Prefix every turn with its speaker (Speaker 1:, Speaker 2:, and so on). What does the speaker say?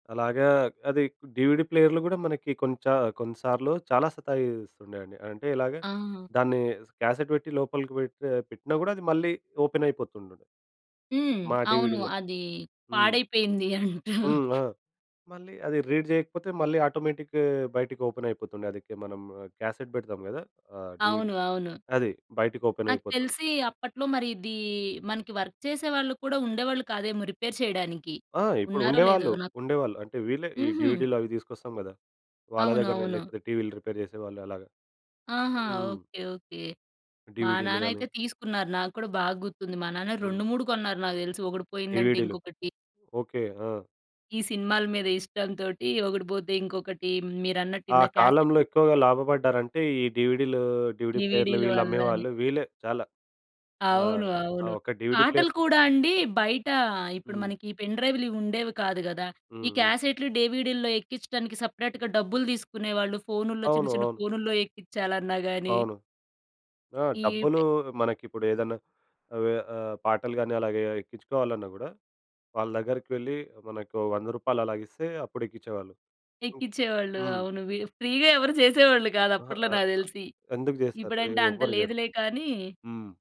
Speaker 1: అలాగా అది డీవీడీ ప్లేయర్‌లు గూడా మనకి కొంచ కొన్నిసార్లు చాలా సతాయిస్తుండండి. అంటే ఇలాగా
Speaker 2: ఆ!
Speaker 1: దాన్ని స్ క్యాసెట్ పెట్టి లోపలికి పెడ్త పెట్టినా గూడా అది మళ్ళీ ఓపెన్ అయిపోతుండుండె.
Speaker 2: హ్మ్.
Speaker 1: మా
Speaker 2: అవును.
Speaker 1: డీవీడీ‌లకి.
Speaker 2: అది
Speaker 1: హ్మ్.
Speaker 2: పాడైపోయింది అంటారు.
Speaker 1: హ్మ్. ఆ! మళ్ళీ అది రీడ్ చేయకపోతే మళ్ళీ ఆటోమేటిక్‌ బయటికి ఓపెన్ అయిపోతుండె. అది క్ మనం క్యాసెట్ పెడతాం గదా! ఆహ్, డీవీడీ
Speaker 2: అవును. అవును.
Speaker 1: అది బయటికి ఓపెన్
Speaker 2: నాకు
Speaker 1: అయిపోతుంది.
Speaker 2: తెలిసి అప్పట్లో మరి ఇది మనకి వర్క్ చేసే వాళ్ళు కూడా ఉండేవాళ్ళు కాదేమో రిపేర్ చేయడానికి.
Speaker 1: ఆ! ఇప్పుడు
Speaker 2: ఉన్నారో లేదో
Speaker 1: ఉండేవాళ్ళు.
Speaker 2: నాకు
Speaker 1: ఉండేవాళ్ళు. అంటే వీళ్ళే ఈ
Speaker 2: హుహు.
Speaker 1: డీవీడీ‌లు అవి తీసుకొస్తాం గదా! వాళ్ళ దగ్గరనే
Speaker 2: అవునవును.
Speaker 1: లేకపోతే టీవీలు రిపేర్ జెసేవాళ్ళు అలాగా.
Speaker 2: ఆహా!
Speaker 1: హ్మ్.
Speaker 2: Okay okay. మా
Speaker 1: డీవీడీ‌లు గాని
Speaker 2: నాన్నైతే తీసుకున్నారు. నాకూడా బాగా గుర్తుంది మా నాన్న
Speaker 1: హ్మ్.
Speaker 2: 2, 3 కొన్నారు నాకు తెలుసు. ఒకటి పోయిందంటే
Speaker 1: డీవీడీ‌లు.
Speaker 2: ఇంకొకటి
Speaker 1: ఓకె. ఆ!
Speaker 2: ఈ సినిమాల మీద ఇష్టం తోటి ఒకటిపోతే ఇంకొకటి. మీరన్నట్టు
Speaker 1: ఆ
Speaker 2: ఇంద
Speaker 1: కాలంలో
Speaker 2: క్యాసెట్టు
Speaker 1: ఎక్కువగా లాభపడ్డారంటే ఈ డీవీడీ‌లు, డీవీడీ ప్లేయర్‌లు
Speaker 2: డివిడి‌లు
Speaker 1: వీళ్ళు
Speaker 2: అల్లానే.
Speaker 1: అమ్మేవాళ్ళు. వీళ్ళే చాలా
Speaker 2: అవును.
Speaker 1: ఆహ్, ఆ
Speaker 2: అవును.
Speaker 1: ఒక డీవీడీ ప్లేయర్
Speaker 2: పాటలు కూడా అండి బయట ఇప్పుడు
Speaker 1: హ్మ్.
Speaker 2: మనకి పెన్ డ్రైవ్‌లు ఇవి ఉండేవి కాదు గదా! ఈ
Speaker 1: హ్మ్. హ్మ్.
Speaker 2: క్యాసెట్‌లు డివిడి‌లో ఎక్కించడానికి సెపరేట్‌గా డబ్బులు తీసుకునేవాళ్ళు. ఫోనుల్లో చిన్న
Speaker 1: అవును.
Speaker 2: చిన్న
Speaker 1: అవును.
Speaker 2: ఫోనుల్లో ఎక్కించాలన్నా గాని
Speaker 1: అవును. ఆ!
Speaker 2: ఈ
Speaker 1: డబ్బులు
Speaker 2: పె
Speaker 1: మనకిప్పుడు ఏదన్నా అవే అహ్, పాటలు గాని అలాగే ఎక్కించుకోవాలన్నా గూడా వాళ్ళ దగ్గరికి వెళ్లి మనకు రూ. 100 అలాగిస్తే అప్పుడెక్కిచ్చేవాళ్ళు. హ్మ్.
Speaker 2: ఎక్కించేవాళ్ళు.
Speaker 1: హ్మ్.
Speaker 2: అవును‌ వి ఫ్రీగా ఎవరు చేసేవాళ్ళు కాదు
Speaker 1: అహా!
Speaker 2: అప్పట్లో
Speaker 1: ఆ!
Speaker 2: నాకు
Speaker 1: ఆహ్,
Speaker 2: తెలిసి.
Speaker 1: ఎందుకు జెస్తారు? ఎ
Speaker 2: ఇప్పుడంటే అంత
Speaker 1: ఎవ్వరు చేయరు.
Speaker 2: లేదులే కానీ.
Speaker 1: హ్మ్.